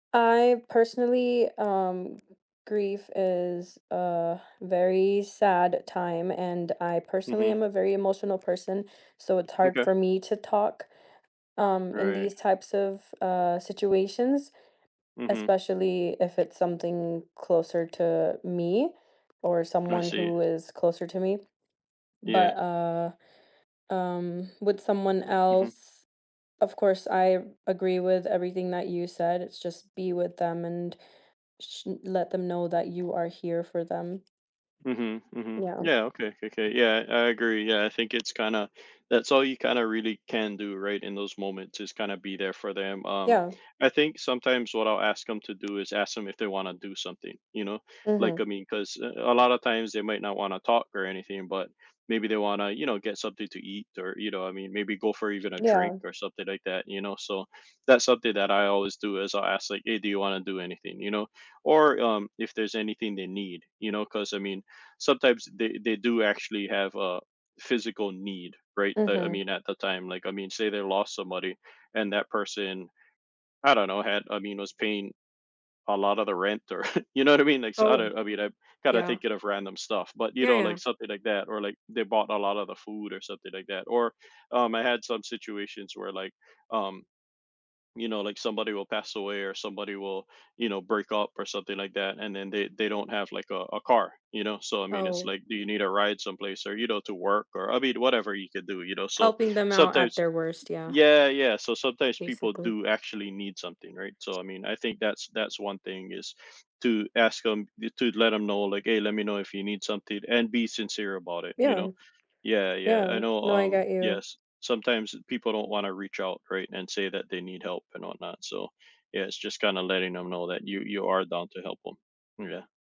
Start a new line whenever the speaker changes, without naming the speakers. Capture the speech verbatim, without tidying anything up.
I personally, um grief is a very sad time, and I personally
Mhm.
am a very emotional person, so it's hard
M'kay.
for me to talk, um, in
Right.
these types of, uh, situations,
Mhm.
especially if it's something closer to me or
I
someone
see.
who is closer to me,
Yeah.
but, uh, um, with someone
M mhm.
else, of course I agree with everything that you said. It's just be with them and sh let them know that you are here for them.
Mhm, mhm.
Yeah.
Yeah, okay, kokay. Yeah, I agree. Yeah, I think it's kinda that's all you, kinda, really can do, right, in those moments is kind of be there for them. Um,
Yeah.
I think sometimes what I'll ask 'em to do is ask 'em if they want to do something, you know, like,
Mhm.
I mean, 'cause a a lot of times, they might not want to talk or anything, but maybe they wanna, you know, get something to eat or, you know, I mean, maybe go for even a drink
Yeah.
or something like that, you know. So, that's something that I always do is I'll ask, like, "Hey, do you want to do anything," you know. Or, um, if there's anything they need, you know, 'cause I mean, sometimes they they do actually have a physical need, right? I I
Mhm.
mean, at the time, like, I mean, say they lost somebody and that person, I don't know, had, I mean, I was paying a lot of the rent or, you know what I mean? Like, so, I
Oh,
know I mean, I'm kinda
yeah.
thinking of random stuff. But, you
Yeah,
know, like
yeah.
something like that, or, like, they bought a lot of the food or something like that. Or, um, I had some situations where, like, um, you know, like, somebody will pass away or somebody will, you know, break up or something like that, and then they they don't have like a a car, you know. So I mean it's
Oh.
like, "Do you need a ride someplace or, you know, to work or," I mean, whatever you could do, you know. So,
Helping them out at
sometimes
their worst, yeah.
Yeah, yeah. So sometimes people
Basically.
do, actually, need something, right? So I mean, I think that's that's one thing is to ask 'em to let them know like, "Hey, let me know if you need something," and be sincere about it, you know.
Yeah.
Yeah, yeah, I
Yeah,
know,
no, I
um
got you.
Yes, sometimes people don't want to reach out, right, and say that they need help and whatnot, so yeah, it's just kinda letting them know that you you are down to help 'em. Yeah.